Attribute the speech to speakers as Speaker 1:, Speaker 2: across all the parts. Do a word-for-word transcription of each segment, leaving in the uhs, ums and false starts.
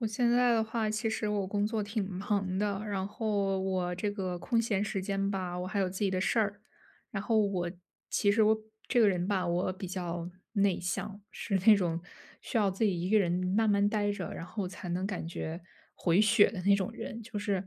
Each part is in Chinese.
Speaker 1: 我现在的话，其实我工作挺忙的，然后我这个空闲时间吧，我还有自己的事儿。然后我其实我这个人吧，我比较内向，是那种需要自己一个人慢慢待着，然后才能感觉回血的那种人。就是，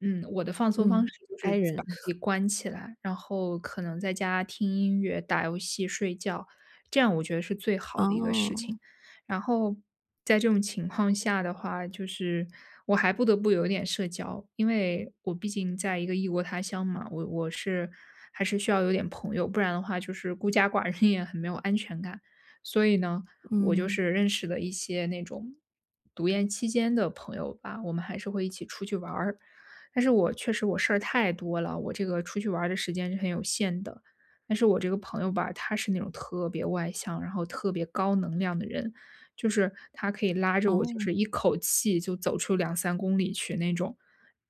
Speaker 1: 嗯，我的放松方式
Speaker 2: 嗯
Speaker 1: 就是
Speaker 2: ，I
Speaker 1: 把
Speaker 2: 人。
Speaker 1: 自己 关起来，然后可能在家听音乐，打游戏，睡觉，这样我觉得是最好的一个事
Speaker 2: 哦。
Speaker 1: 情。然后在这种情况下的话，就是我还不得不有点社交，因为我毕竟在一个异国他乡嘛，我我是还是需要有点朋友，不然的话就是孤家寡人也很没有安全感。所以呢，我就
Speaker 2: 嗯。
Speaker 1: 是认识了一些那种读研期间的朋友吧，我们还是会一起出去玩儿。但是我确实我事儿太多了，我这个出去玩儿的时间是很有限的。但是我这个朋友吧，他是那种特别外向，然后特别高能量的人，就是他可以拉着我就是一
Speaker 2: 哦。
Speaker 1: 口气就走出两三公里去那种。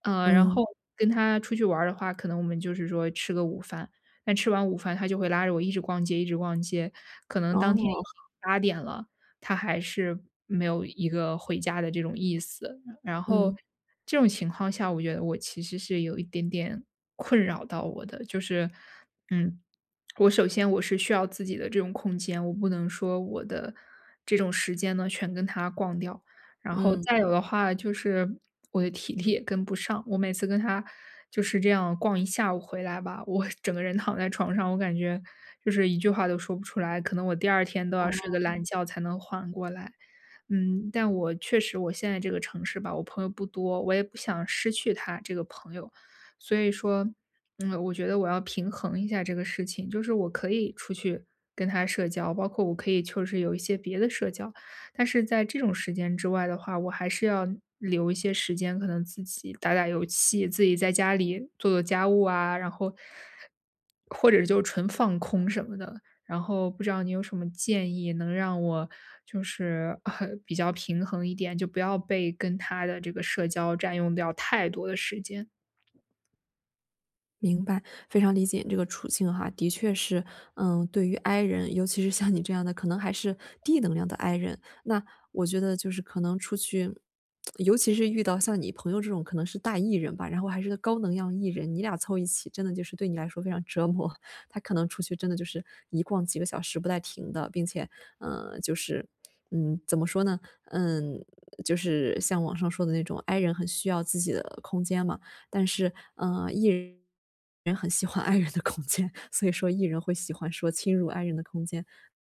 Speaker 1: 呃，然
Speaker 2: 嗯。
Speaker 1: 后跟他出去玩儿的话，可能我们就是说吃个午饭，但吃完午饭他就会拉着我一直逛街一直逛街，可能当天
Speaker 2: 哦。
Speaker 1: 已经八点了，他还是没有一个回家的这种意思。然后
Speaker 2: 嗯。
Speaker 1: 这种情况下我觉得我其实是有一点点困扰到我的，就是，嗯，我首先我是需要自己的这种空间，我不能说我的这种时间呢，全跟他逛掉，然后再
Speaker 2: 嗯。
Speaker 1: 有的话就是我的体力也跟不上，我每次跟他就是这样逛一下午回来吧，我整个人躺在床上，我感觉就是一句话都说不出来，可能我第二天都要睡个懒
Speaker 2: 哦。
Speaker 1: 觉才能缓过来。嗯，但我确实我现在这个城市吧，我朋友不多，我也不想失去他这个朋友。所以说，嗯，我觉得我要平衡一下这个事情，就是我可以出去跟他社交，包括我可以就是有一些别的社交，但是在这种时间之外的话，我还是要留一些时间，可能自己打打游戏，自己在家里做做家务啊，然后，或者就纯放空什么的。然后不知道你有什么建议能让我就是，啊，比较平衡一点，就不要被跟他的这个社交占用掉太多的时间。
Speaker 2: 明白，非常理解你这个处境哈。的确是，嗯，对于 I 人，尤其是像你这样的可能还是低能量的 I 人。那我觉得就是可能出去，尤其是遇到像你朋友这种可能是大 E 人吧，然后还是个高能量 E 人，你俩凑一起真的就是对你来说非常折磨，他可能出去真的就是一逛几个小时不带停的，并且呃，就是 嗯，怎么说呢？嗯，就是像网上说的那种 I 人很需要自己的空间嘛，但是，呃，E 人很喜欢 I 人的空间，所以说 E 人会喜欢说侵入 I 人的空间。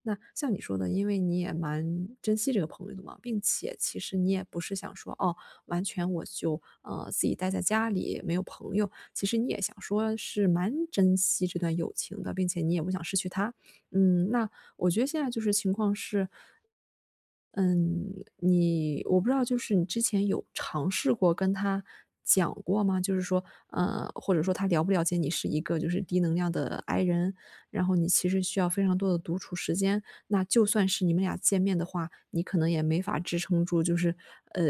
Speaker 2: 那像你说的，因为你也蛮珍惜这个朋友的嘛，并且其实你也不是想说，哦，完全我就，呃，自己待在家里，没有朋友，其实你也想说是蛮珍惜这段友情的，并且你也不想失去他。嗯，那我觉得现在就是情况是嗯，你我不知道就是你之前有尝试过跟他讲过吗？就是说呃，或者说他了不了解你是一个就是低能量的 I 人？然后你其实需要非常多的独处时间。那就算是你们俩见面的话，你可能也没法支撑住，就是，呃，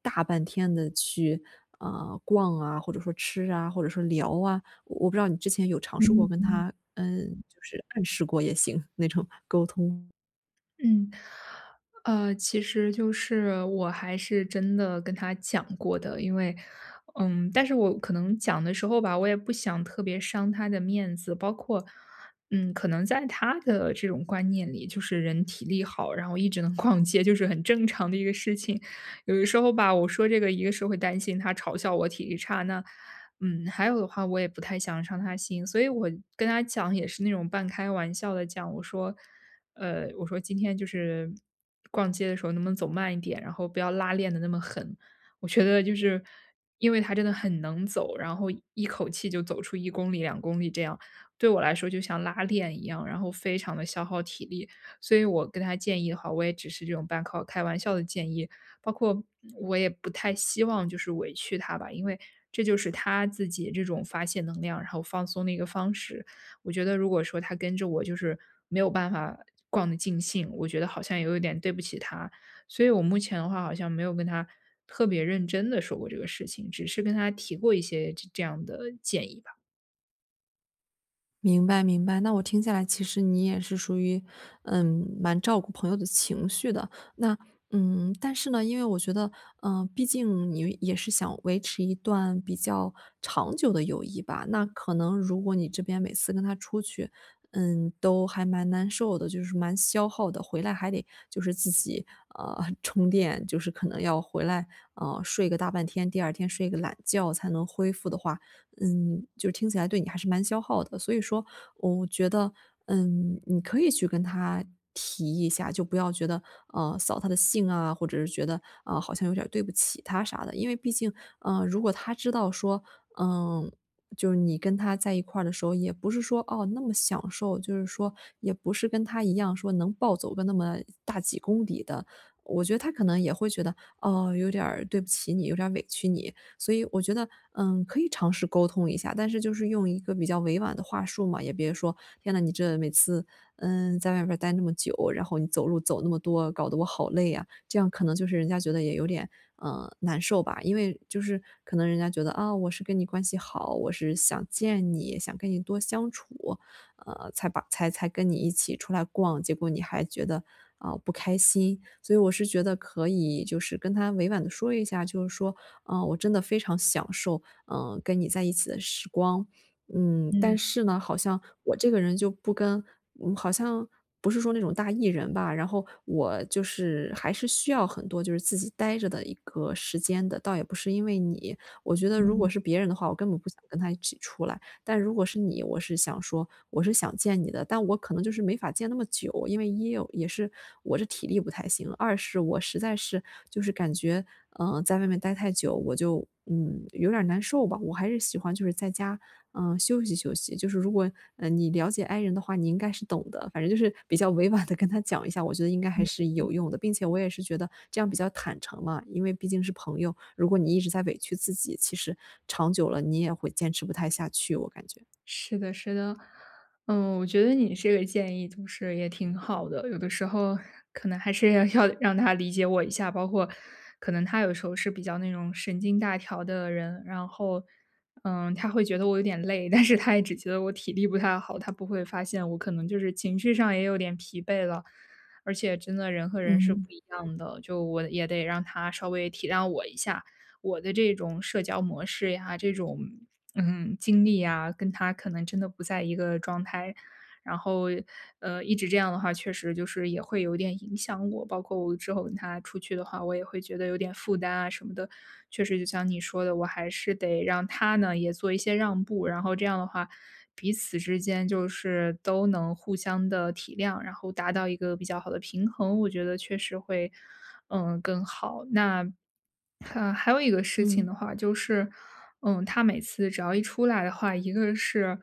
Speaker 2: 大半天地去，啊，逛啊，或者说吃啊，或者说聊啊。我不知道你之前有尝试
Speaker 1: 嗯
Speaker 2: 过跟
Speaker 1: 嗯。
Speaker 2: 他，嗯，就是暗示过也行，那种沟通？
Speaker 1: 嗯，呃，其实就是我还是真的跟他讲过的。因为嗯，但是我可能讲的时候吧，我也不想特别伤他的面子。包括，嗯，可能在他的这种观念里，就是人体力好，然后一直能逛街就是很正常的一个事情。有的时候吧，我说这个，一个是会担心他嘲笑我体力差，那嗯，还有的话我也不太想要伤他心。所以我跟他讲也是那种半开玩笑地讲，我说，呃，我说：“今天就是逛街的时候能不能走慢一点，然后不要拉练得那么狠。”我觉得就是因为他真的很能走，然后一口气就走出一公里、两公里这样，对我来说就像拉练一样，然后非常地消耗体力。所以我跟他建议的话，我也只是这种半靠开玩笑的建议。包括我也不太希望就是委屈他吧，因为这就是他自己这种发泄能量，然后放松的一个方式。我觉得如果说他跟着我就是没有办法逛得尽兴，我觉得好像也有点对不起他。所以我目前的话好像没有跟他特别认真地说过这个事情，只是跟他提过一些这这样的建议吧。
Speaker 2: 明白明白，那我听下来其实你也是属于，呃，蛮照顾朋友的情绪的。那嗯，但是呢因为我觉得，呃，毕竟你也是想维持一段比较长久的友谊吧，那可能如果你这边每次跟他出去，嗯，都还蛮难受的，就是蛮消耗的。回来还得就是自己，呃，充电，就是可能要回来，呃，睡个大半天。第二天睡个懒觉才能恢复的话，嗯，就是听起来对你还是蛮消耗的。所以说我觉得，嗯，你可以去跟他提一下，就不要觉得，呃，扫他的兴啊，或者是觉得，嗯，好像有点儿对不起他啥的。因为毕竟呃，如果他知道说，呃，就是你跟他在一块儿的时候也不是说，哦，那么享受。就是说也不是跟他一样说能暴走个那么大几公里的，我觉得他可能也会觉得，哦，有点儿对不起你，有点儿委屈你。所以我觉得，嗯，可以尝试沟通一下，但是就是用一个比较委婉的话术嘛，也别说，天呐，你真的每次，嗯，在外边儿待那么久，然后你走路走那么多，搞得我好累呀，这样可能就是人家觉得也有点，呃，难受吧。因为就是可能人家觉得，啊，我是跟你关系好，我是想见你，想跟你多相处。呃，才把才才跟你一起出来逛，结果你还觉得，呃，不开心。所以我是觉得可以就是跟他委婉地说一下，就是说，“啊，我真的非常享受，呃，跟你在一起的时光，嗯，
Speaker 1: 嗯。
Speaker 2: 但是呢好像我这个人就不跟嗯，好像不是说那种大 E 人吧，然后我就是还是需要很多就是自己呆着的一个时间的，倒也不是因为你，我觉得如
Speaker 1: 嗯。
Speaker 2: 果是别人的话，我根本不想跟他一起出来，但如果是你我是想说，我是想见你的，但我可能就是没法见那么久，因为一哦也是我这体力不太行，二是我实在是就是感觉，呃，在外面待太久，我就，嗯，有点儿难受吧，我还是喜欢就是在家，呃，休息休息。就是如果，呃，你了解 I 人的话，你应该是懂的”。反正就是比较委婉地跟他讲一下，我觉得应该还
Speaker 1: 嗯
Speaker 2: 是
Speaker 1: 嗯。
Speaker 2: 有用的。并且我也是觉得这样比较坦诚嘛，因为毕竟是朋友，如果你一直在委屈自己，其实长久了你也会坚持不太下去，我感觉。
Speaker 1: 是的是的。嗯，我觉得你这个建议就是也挺好的。有的时候可能还是要要让他理解我一下，包括可能他有时候是比较那种神经大条的人。然后，嗯，他会觉得我有点累，但是他也只觉得我体力不太好，他不会发现我可能就是情绪上也有点疲惫了。而且真的人和人是不
Speaker 2: 嗯。
Speaker 1: 一样的，就我也得让他稍微体谅我一下，我的这种社交模式呀，这种，嗯，经历呀，跟他可能真的不在一个状态。然后，呃，一直这样的话确实就是也会有点影响我，包括我之后跟他出去的话，我也会觉得有点负担啊什么的，确实就像你说的，我还是得让他呢，也做一些让步，然后这样的话，彼此之间就是都能互相地体谅，然后达到一个比较好的平衡，我觉得确实会，嗯，更好。那哈还有一个事情
Speaker 2: 嗯。
Speaker 1: 的话就是，嗯，他每次只要一出来的话，一个是，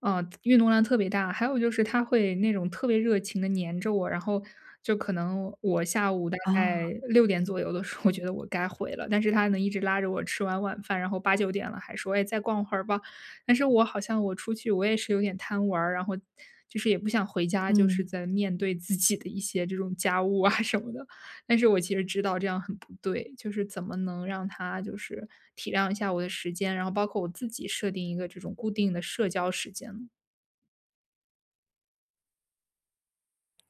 Speaker 1: 呃，运动量特别大，还有就是他会那种特别热情地黏着我，然后就可能我下午大
Speaker 2: 哦。
Speaker 1: 概六点左右的时候，我觉得我该回了，但是他能一直拉着我吃完晚饭，然后八九点了还说，哎，再逛会儿吧。但是我好像我出去我也是有点贪玩儿，然后就是也不想回家，就是
Speaker 2: 嗯。
Speaker 1: 再面对自己的一些这种家务啊什么的，但是我其实知道这样很不对。就是怎么能让他就是体谅一下我的时间，然后包括我自己设定一个这种固定的社交时间呢？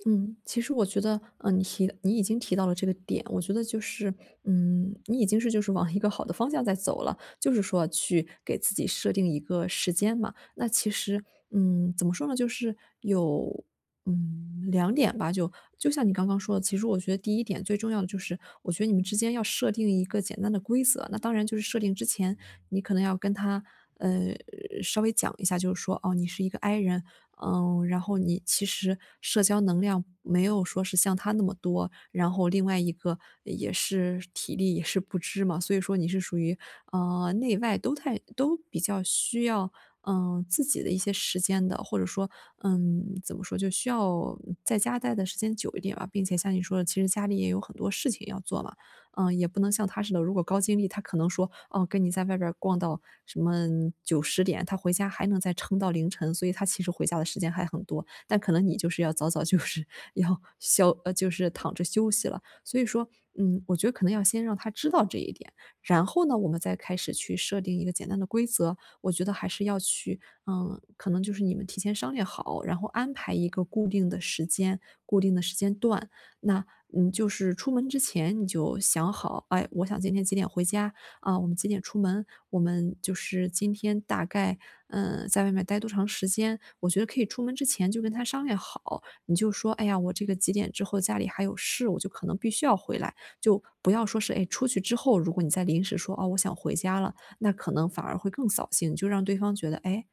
Speaker 2: 嗯，其实我觉得，呃，你提你已经提到了这个点，我觉得就是嗯，你已经是就是往一个好的方向在走了，就是说去给自己设定一个时间嘛。那其实，嗯，怎么说呢，就是有，嗯，两点吧，就就像你刚刚说的，其实我觉得第一点最重要的就是我觉得你们之间要设定一个简单的规则，那当然就是设定之前你可能要跟他，呃，稍微讲一下就是说，哦，你是一个 I 人，嗯，然后你其实社交能量没有说是像他那么多，然后另外一个也是体力也是不支嘛。所以说你是属于，呃，内外都太都比较需要，呃，自己的一些时间的，或者说，嗯，怎么说，就需要在家待的时间久一点吧。并且像你说的其实家里也有很多事情要做嘛，嗯，也不能像他似的，如果高精力他可能说，哦，跟你在外边儿逛到什么九十点，他回家还能再撑到凌晨。所以他其实回家的时间还很多，但可能你就是要早早就是要消呃，就是躺着休息了。所以说，嗯，我觉得可能要先让他知道这一点，然后呢，我们再开始去设定一个简单的规则。我觉得还是要去嗯，可能就是你们提前商量好，然后安排一个固定的时间，固定的时间段。那，你就是出门之前你就想好，哎，我想今天几点回家，啊，我们几点出门，我们就是今天大概，嗯，在外面待多长时间。我觉得可以出门之前就跟他商量好。你就说，哎呀，我这个几点之后家里还有事，我就可能必须要回来，就不要说是，哎，出去之后，如果你再临时说，啊，我想回家了，那可能反而会更扫兴，就让对方觉得，哎，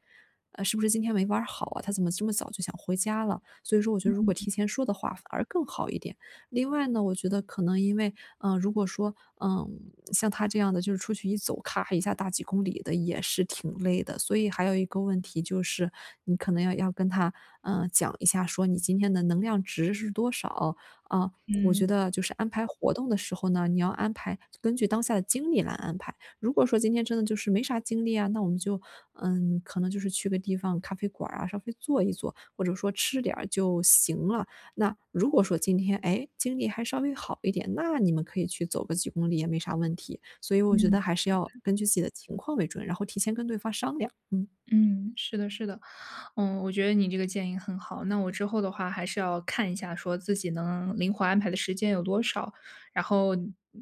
Speaker 2: 呃，是不是今天没玩儿好啊？她怎么这么早就想回家了？所以说我觉
Speaker 1: 嗯
Speaker 2: 得如
Speaker 1: 嗯
Speaker 2: 果
Speaker 1: 嗯。
Speaker 2: 提前说的话反而更好一点。另外呢，我觉得可能因为，呃，如果说，嗯，像他这样的就是出去一走，咔咔一下大几公里的也是挺累的。所以还有一个问题就是你可能要要跟他，呃，讲一下说你今天的能量值是多少，啊，我觉
Speaker 1: 嗯。
Speaker 2: 得就是安排活动的时候呢，你要安排根据当下的精力来安排，如果说今天真的就是没啥精力啊，那我们就，嗯，可能就是去个地方咖啡馆儿啊，稍微坐一坐，或者说吃点儿就行了。那如果说今天，哎，精力还稍微好一点，那你们可以去走个几公里也没啥问题。所以我觉
Speaker 1: 嗯。
Speaker 2: 得还是要根据自己的情况为准，然后提前跟对方商量，嗯。
Speaker 1: 嗯，是的是的。嗯，我觉得你这个建议很好，那我之后的话还是要看一下说自己能灵活安排的时间有多少，然后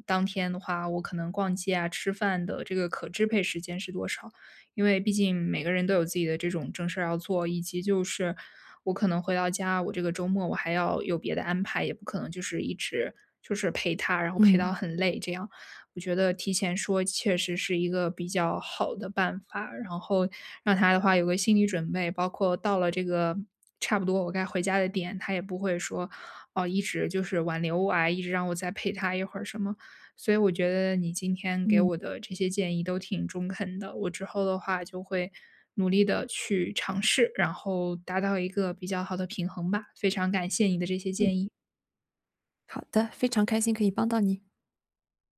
Speaker 1: 当天的话我可能逛街啊，吃饭的这个可支配时间是多少。因为毕竟每个人都有自己的这种正事儿要做。以及就是我可能回到家，我这个周末我还要有别的安排，也不可能就是一直就是陪他，然后陪到
Speaker 2: 嗯。
Speaker 1: 很累，这样。我觉得提前说，切实是一个比较好的办法。然后让他的话有个心理准备，包括到了这个差不多我该回家的点，他也不会说，哦，一直就是挽留我啊，一直让我再陪他一会儿什么。所以我觉得你今天给
Speaker 2: 嗯。
Speaker 1: 我的这些建议都挺中肯的，我之后的话就会努力地去尝试，然后达到一个比较好的平衡吧。非常感谢你的这些
Speaker 2: 嗯。
Speaker 1: 建议。
Speaker 2: 好的，非常开心可以帮到你。